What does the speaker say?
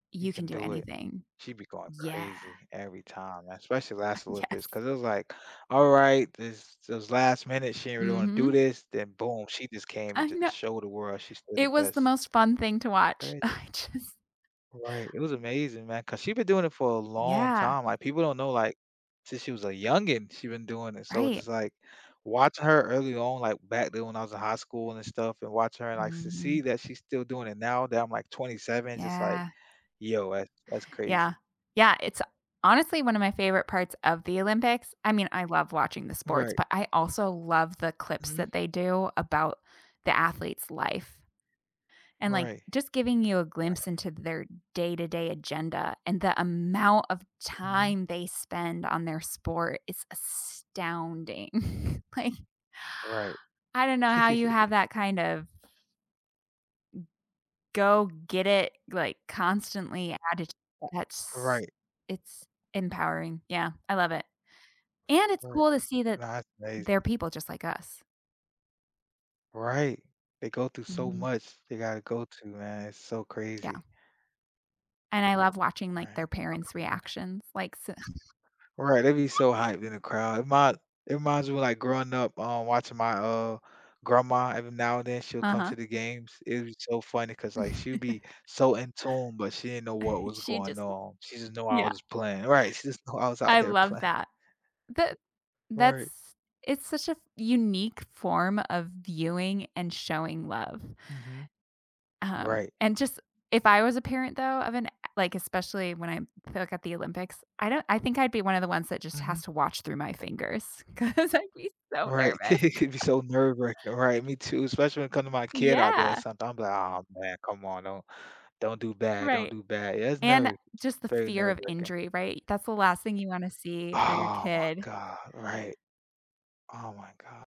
You You can can do do it. anything, She'd be going yeah. crazy every time, especially last Olympics Yes. 'cause it was, like, all right, this this was last minute, she didn't really wanna do Mhm. this, then boom, she just came I and know just showed the world she's still the it was the best. most fun thing to watch. Crazy. I just Right, it was amazing, man, 'cause she's been doing it for a long Yeah. time. Like, people don't know, like, since she was a youngin, she's been doing it. So it's Right. just, like, watching her early on, like, back then when I was in high school and stuff and watching her and, like, to see Mhm. that she's still doing it now that I'm, like, 27, just, like, Yeah. yo, that's that's Yeah, crazy. yeah, it's honestly one of my favorite parts of the Olympics. I mean, I love watching the sports, Right. but, I also love the clips Mhm. that they do about the athlete's life. And, like, Right, just giving you a glimpse right. into their day to day agenda, and the amount of Mhm. time they spend on their sport is astounding, like Right. I don't know how you have that kind of M go get it, like, constantly added, A that's Right. it's empowering, yeah, I love it. And it's Right, cool to see that that's amazing. there're people just like us. Right, they go through so Mhm. much they gotta go through, man, it's so Yeah. crazy. And I love watching, like, Right. their parents' reactions, like, s Right, they'd be so hyped in the crowd. It mind it reminds me, like, growing up, um, watching my, uh, grandma, every now and then she'll come Uh-huh. to the games. It was so funny 'cause, like, she'd be so in tune, but she didn't know what was She going just on. She just knew I yeah. was playing right, she just knew I was out I there love playing. that. That Right. that's it's such a f unique form of viewing and showing love. Mhm. Um, Right. and just if I was a parent though, of an like, especially when I look at the Olympics, I don't I think I'd be one of the ones that just has Mhm. to watch through my fingers, 'cause I'd be so Right. nervous. It could be so nerve-wracking, right, me too, especially when it comes to my kid out there Yeah. that's I'm, like, "Oh, man, come on, don't don't do bad, don't Right, do bad." It's and nerve just the very fear of nerve-wracking. injury, right? That's the last thing you wanna see for your Oh, my kid. god, right. Oh, my God.